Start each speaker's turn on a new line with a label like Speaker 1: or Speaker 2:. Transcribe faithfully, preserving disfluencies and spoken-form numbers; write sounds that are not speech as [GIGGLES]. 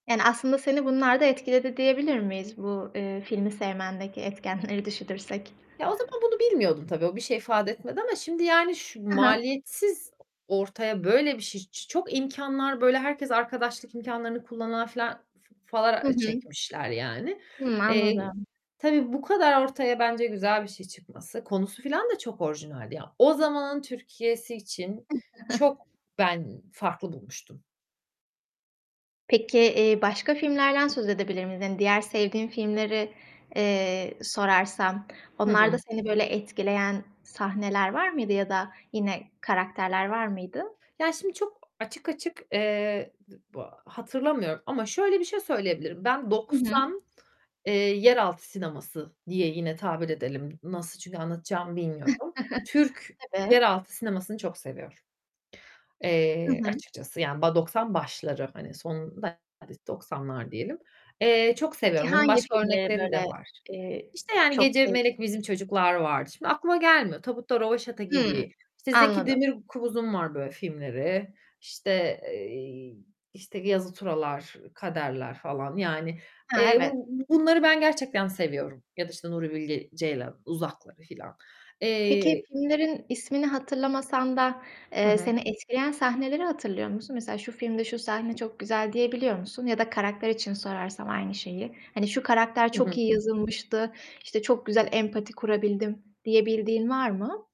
Speaker 1: Yani, aslında, seni bunlar da etkiledi diyebilir miyiz bu, eee, filmi sevmendeki etkenleri düşünürsek?
Speaker 2: Ya, o zaman bunu bilmiyordum tabii. O bir şey ifade etmedi ama şimdi, yani, şu
Speaker 1: Hı hı.
Speaker 2: maliyetsiz ortaya böyle bir şey, ç çok imkanlar, böyle, herkes arkadaşlık imkânlarını kullanan filan f f falan
Speaker 1: Hı hı.
Speaker 2: çekmişler, yani.
Speaker 1: Hıı,
Speaker 2: Eee,
Speaker 1: anladım.
Speaker 2: tabii, bu kadar ortaya bence güzel bir şey çıkması. Konusu filan da çok orijinaldi ya. O zamanın Türkiye'si için çok
Speaker 1: [GIGGLES]
Speaker 2: ben farklı bulmuştum.
Speaker 1: Peki, iii, başka filmlerden söz edebilir miyiz? Hani, diğer sevdiğin filmleri, eee, sorarsam,
Speaker 2: Hı
Speaker 1: onlarda
Speaker 2: hı.
Speaker 1: seni böyle etkileyen sahneler var mıydı ya da yine karakterler var mıydı?
Speaker 2: Yani, şimdi çok açık açık, eee, d bu hatırlamıyorum ama şöyle bir şey söyleyebilirim. Ben
Speaker 1: Hı hı.
Speaker 2: doksan, eee, yeraltı sineması diye yine tabir edelim. Nasıl, çünkü anlatacağımı bilmiyorum. Türk
Speaker 1: [CHUCKLES] Tabii.
Speaker 2: yeraltı sinemasını çok seviyorum,
Speaker 1: Hı
Speaker 2: eee,
Speaker 1: hı.
Speaker 2: açıkçası, yani, ba doksan başları, hani, son [UNINTELLIGIBLE] doksanlar diyelim. Eee, çok
Speaker 1: Peki,
Speaker 2: seviyorum. Onun
Speaker 1: hangi
Speaker 2: başka
Speaker 1: filmleri,
Speaker 2: örnekleri de
Speaker 1: böyle,
Speaker 2: var.
Speaker 1: eee,
Speaker 2: İşte, yani,
Speaker 1: çok
Speaker 2: Gece,
Speaker 1: sevdin?
Speaker 2: Melek, Bizim Çocuklar vardı. Şimdi aklıma gelmiyor. Tabutta Röveşata
Speaker 1: Hıı,
Speaker 2: gibi, işte, Zeki
Speaker 1: anladım.
Speaker 2: Demirkubuz'un var böyle filmleri, işte, eee, işte, Yazı Tura'lar, Kader'ler falan, yani.
Speaker 1: Ha,
Speaker 2: Eee,
Speaker 1: evet.
Speaker 2: bu bunları ben gerçekten seviyorum ya da, işte, Nuri Bilge Ceylan Uzak'ları falan.
Speaker 1: Peki,
Speaker 2: Eee
Speaker 1: filmlerin ismini hatırlamasan da,
Speaker 2: Hı
Speaker 1: eee,
Speaker 2: hı.
Speaker 1: seni etkileyen sahneleri hatırlıyor musun? Mesela şu filmde şu sahne çok güzel diyebiliyor musun ya da karakter için sorarsam aynı şeyi? Hani, şu karakter
Speaker 2: Hı
Speaker 1: çok iyi
Speaker 2: hı.
Speaker 1: yazılmıştı, işte, çok güzel empati kurabildim, diyebildiğin var mı?